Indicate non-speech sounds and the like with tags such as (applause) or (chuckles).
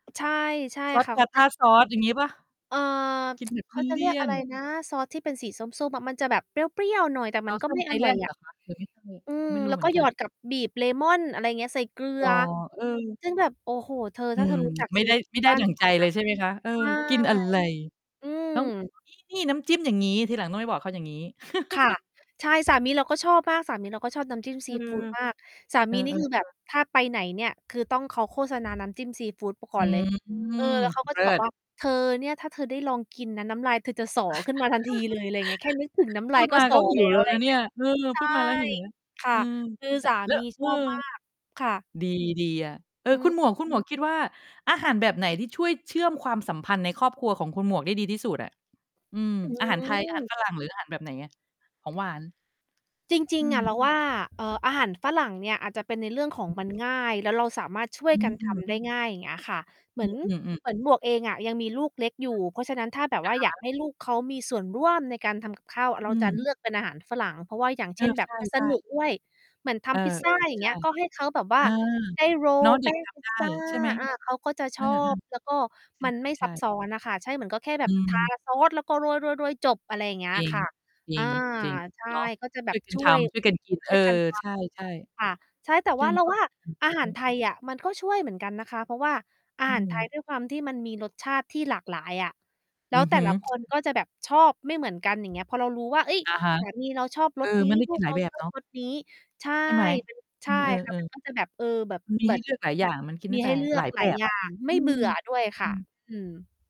ใช่ ใช่ซอส ค่ะ เขา จิ Tartar Sauce อย่างงี้เปล่า? เออ กิน(tsk) แบบเขาจะเลเรีีย่ก ยอะน ไรๆ นะ ซอสที่เป็นสีส้ม ๆ อะ มันจะแบบเปรี้ยว ๆ หน่อย แต่มันก็ ไมThousand ่อร่อยIsland เอหระ อคะ? หรือไม่ใช่? อืม ไม่รูแ้ล้เว หมืกอ็น หกยัอน ด กับบีบเลมอน อะไรเงี้ย ใส่เกลือ๋อ อ เออ ซึ่ง แบบ โอ้โฮ เธอ อืถ้าเธม อ รู้จักไม่ซีได้ ฟูไมด่ไดบ้้านดั่งฉัใจนนเลย ใช่ไหมคะ? เอะ อ ใช่ กิน อะไร อืม ต้อง เออ นี้นี่ น้ำจิ้มอย่างงี้ ทีหลังต้องไปบอกเขาอย่างงี้ ค่ะ (chuckles) ใช่ สามีเราก็ชอบมาก สามีเราก็ชอบน้ำจิ้ม เอซีอ ฟูดมาก สาเอมอ ีๆ นีเ่ คือแบอบ อ ถ้าไปไหนเนี่ย คือต้อง เขาโฆษณา น้ำจิ้มซีฟูด ป กอ่ือนเลย ม เออ แล้วเขาก็เลจะิบอกศ ว่า "เธอ เนี่ย ถ้าเธอได้ลองกินนะ น้ำลายเธอจะสอขึ้นมาทันทีเลย" ไรเงี้ย แค่นึกถึงน(chuckles) ้ำพลูายดก็ มาสกอ ็หิแล้วแว ล้วไรนะเเนีงี่้ย ย เออ ใชพ่ ูดมาแล้ว หิวแล้ว ค่ะ อือ คือล สาแล้มีว เชออ อบมาก ค่ะ ดี ดีอะ เออ อืคุม ณหมวก คุณหมวก คิดว่า อาหารแบบไหนที่ช่วยเชื่อมความสัมพันธ์ในครอบครัวของคุณหมวกได้ดีที่สุดอะ? อืม อือาหารไทย อาหาม รฝรั่ง หรืออาหาร แบบไหนอะ? ของหวาน? จรอิืง ๆ อม ะ เรา ว่า เอ่อ อาหารฝรั่งเนี่ยอาจจะเป็นในเรื่องของมัน ง่าย แล้วเราสามารถช่วอยกัน ทืม ำ ได้ง่าย เงี้ยค่ะ เหมอืือน อ อืม ๆ เหมือน หมวกเองอะยังมีลูกเล็กอยคู่่ ะ เพราะฉะนั้น ถ้าแบบอวะ่าอยาฮกะ ให้ลูกเขามีส่วนร่วมในการทำ กับข้าว เรอาืจะเม ลือก เป็นอาหารฝรั่ง เพราะว่า อย่างเเอช่อ น ใมัน สช่ นุๆ กด้วย เหมือนทเออ ำพิซซเอา อ อย่าใงเชงี่ ้ย ก็ให้ เขา แบบวเ่อา อ ได้ โรเนล าะ เแดป็้กงทพิำไซด้ ซา ใช่ไหม? อา เขาก็จะเชออ อบ แล้วก็มันไม่ๆ ชา ใชซับ่ ซ้อน น่ะค่ะ ใช่ เหมือนก็แค่แบอืบ ทา ม ซอสแล้วก็โรย ๆ ๆ จบ อะไรอย่างเงี้จย ริง ค่ะ จรอิา ง จริง ใช่ เนาะ ก็จะแบช่วบ ยกัน ช่ทวย ำ ช่วยกันกิน ชเอ่วอ ยกันทใช่ ำ ค่ะ ใช่ แต่ๆ เชวื่่าอมเรา ควาวม่า สัมพันธ์ อาอือหาฮร ไึ ทยอะ มันก็ช่วยเหมือนกันนะคะ เพราะว่าอาอืหารไทยม ด้วยความที่มันมีรสชาติที่หลากหลายอะ แลอ้ืวอแฮต่ ึ ละคน ก็จะแบบชอบไม่เหมือนกัน อย่างเงี้ย พอเรารู้ว่า เฮ้ย! อะฮะ สามี เราชอบเอรส อ นี้ มันได้ลกูินกหลเายราแบบชอเนบาะ รส นี้ ใช่ ใช่ไหม? มัน ใอืช่ อ เค่อะ อ มันก็จะ แบบ เออ แบบ ๆ มันมีเหมใืห้อน เลือก หลายอย่าง มันกินไดมี้ไใป ห้เลืหอลากยแหลบายบอยอ่าะ ง อไมื่ เบื่อ อด้วย คอื่ะ ม อืม